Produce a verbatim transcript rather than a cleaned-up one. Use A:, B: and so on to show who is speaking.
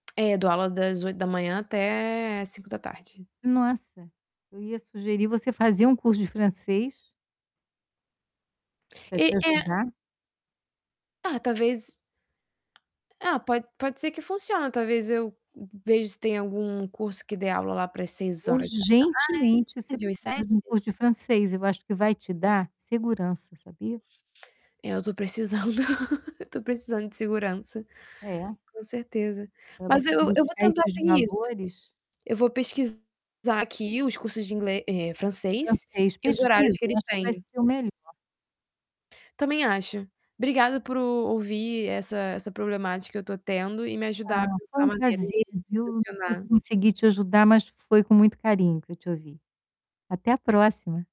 A: É, dou aula das oito da manhã até cinco da tarde.
B: Nossa, eu ia sugerir você fazer um curso de francês
A: E
B: Para te
A: é.
B: ajudar.
A: Ah talvez Ah, pode pode ser que funciona talvez, eu vejo se tem algum curso que dê aula lá para as seis horas da
B: Urgentemente você
A: tarde ou às
B: precisa de
A: sete.
B: um curso de francês, eu acho que vai te dar segurança, sabia.
A: É eu tô precisando, tô precisando de segurança,
B: É.
A: com certeza.
B: Para
A: Mas
B: você
A: eu eu vou
B: buscar
A: tentar
B: esses
A: seguir isso.
B: valores.
A: Eu vou pesquisar aqui os cursos de inglês, eh, francês,
B: Francês,
A: e os horários
B: pesquisa,
A: que
B: eu
A: eles
B: acho que vai
A: têm.
B: ser o melhor.
A: Também acho, obrigada por ouvir essa essa problemática que eu tô tendo e me ajudar a
B: Ah, foi
A: pensar
B: um
A: maneiras
B: prazer,
A: de
B: viu. Não sei se
A: solucionar.
B: consegui te ajudar mas foi com muito carinho que eu te ouvi. Até a próxima.